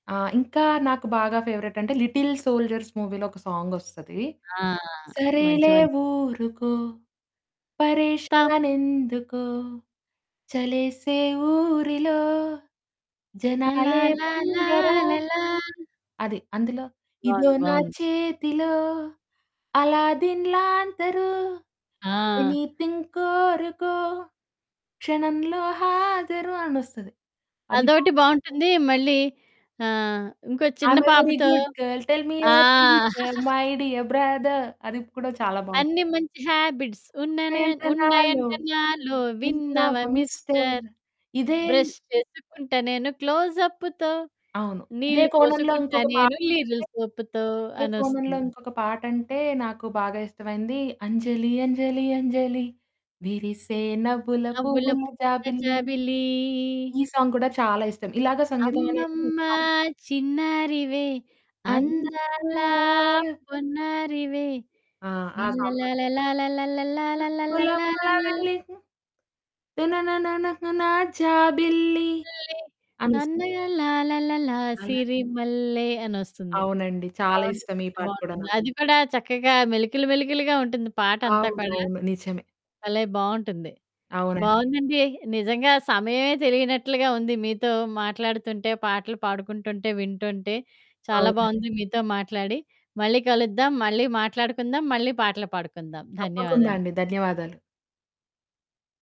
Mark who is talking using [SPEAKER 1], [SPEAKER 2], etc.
[SPEAKER 1] ఆ! ఇంకా నాకు బాగా ఫేవరైట్ అంటే 'లిటిల్ సోల్జర్స్' మూవీలో ఒక సాంగొస్తది.
[SPEAKER 2] ఆ! మంచి
[SPEAKER 1] సరేలే
[SPEAKER 2] మం
[SPEAKER 1] ఊరుకో,
[SPEAKER 2] త
[SPEAKER 1] పరేషానెందుకొ చలేసే ఊరిలో జనాలే
[SPEAKER 2] లలాల
[SPEAKER 1] దొంగరా.
[SPEAKER 2] లాలల
[SPEAKER 1] అది అందులో, ఇదో
[SPEAKER 2] బావుంది.
[SPEAKER 1] నా
[SPEAKER 2] బావుంది.
[SPEAKER 1] చేతిలో అల్లాదీన్ లాంతరు
[SPEAKER 2] ఆ!
[SPEAKER 1] ఎనిథింగ్ కోరుకో క్షణంలో హాజరు అనొస్తది అదిబా
[SPEAKER 2] అదొకటి బావుంటుంది, మళ్ళీ ఆహ్, ఇంకో చిన్న
[SPEAKER 1] ఐమ్‌ఏ వెరీ
[SPEAKER 2] పాపతో
[SPEAKER 1] గుడ్ గర్ల్ టెల్ మి
[SPEAKER 2] ఆ!
[SPEAKER 1] Your teacher my dear brother అది కూడా చాలా బావుంది.
[SPEAKER 2] అన్ని మంచి హాబిట్స్ ఉన్ననే
[SPEAKER 1] ఉన్నాయంట నాలో
[SPEAKER 2] ఉన్నయంటే నాలో
[SPEAKER 1] విన్నావ
[SPEAKER 2] విన్నావా
[SPEAKER 1] మిస్టర్
[SPEAKER 2] మిస్టర్.
[SPEAKER 1] ఇదే
[SPEAKER 2] బ్రష్ చేసుకుంటా నేను క్లోజప్పుతో,
[SPEAKER 1] అవును. ఇదే
[SPEAKER 2] నీళ్ళు
[SPEAKER 1] కోణంలో
[SPEAKER 2] పోసుకుంటా
[SPEAKER 1] ఇంకొక
[SPEAKER 2] నేను
[SPEAKER 1] పాటంటే,
[SPEAKER 2] లీరిల్ సొపుతో
[SPEAKER 1] ఇదే కోణంలో
[SPEAKER 2] అనొస్తుంది.
[SPEAKER 1] ఇంకొక పాటంటే నాకు బాగా ఇష్టమైంది, అంజలి అంజలి అంజలి విరిసే నవ్వుల
[SPEAKER 2] నవ్వుల
[SPEAKER 1] పువ్వుల
[SPEAKER 2] పువ్వుల
[SPEAKER 1] జాబిల్లి.
[SPEAKER 2] జాబిలీ.
[SPEAKER 1] ఈ సాంగ్ కూడా చాలా ఇష్టం. ఇలాగ సంగీతం అనేది
[SPEAKER 2] అమ్మమ్మ
[SPEAKER 1] ఇష్టం.
[SPEAKER 2] చిన్నారివే అందాలా
[SPEAKER 1] అందాల
[SPEAKER 2] పొన్నారివే.
[SPEAKER 1] ఆ! ఆ సాంగ్ కూడా.
[SPEAKER 2] లల్లలాలా లాలాలల్ల లాలాలల్ల
[SPEAKER 1] నవ్వుల
[SPEAKER 2] లాలాలల్ల.
[SPEAKER 1] జాబిల్లి తనననననా జాబిల్లి
[SPEAKER 2] [unintelligible]
[SPEAKER 1] అనొస్
[SPEAKER 2] సన్నగా లాలాలాల
[SPEAKER 1] అలా
[SPEAKER 2] సిరి మల్లె అనొస్తుంది.
[SPEAKER 1] అవునండి చాలా
[SPEAKER 2] బావుంటుంది,
[SPEAKER 1] ఇష్టం. ఈ పాట కూడా
[SPEAKER 2] బావుంటుంది
[SPEAKER 1] నాకు.
[SPEAKER 2] అది కూడా చక్కగా మెలికలు మెలికలుగా ఉంటుంది పాటంతా
[SPEAKER 1] అవును.
[SPEAKER 2] కూడా.
[SPEAKER 1] అవును. నిజమే.
[SPEAKER 2] భలే! బావుంటుంది.
[SPEAKER 1] అవునండి.
[SPEAKER 2] బావుందండి నిజంగా సమయమే తెలియనట్లుగా ఉంది మీతో మాట్లాడుతుంటే పాటలు పాడుకుంటుంటే, వింటుంటే. చాలా
[SPEAKER 1] అవునండి.
[SPEAKER 2] బావుంది. మీతో మాట్లాడి. మళ్ళీ కలుద్దాం, మళ్ళీ మాట్లాడుకుందాం మళ్ళీ, పాటలు పాడుకుందాం.
[SPEAKER 1] తప్పకుండా
[SPEAKER 2] ధన్యవాదాలు.
[SPEAKER 1] అండి ధన్యవాదాలు.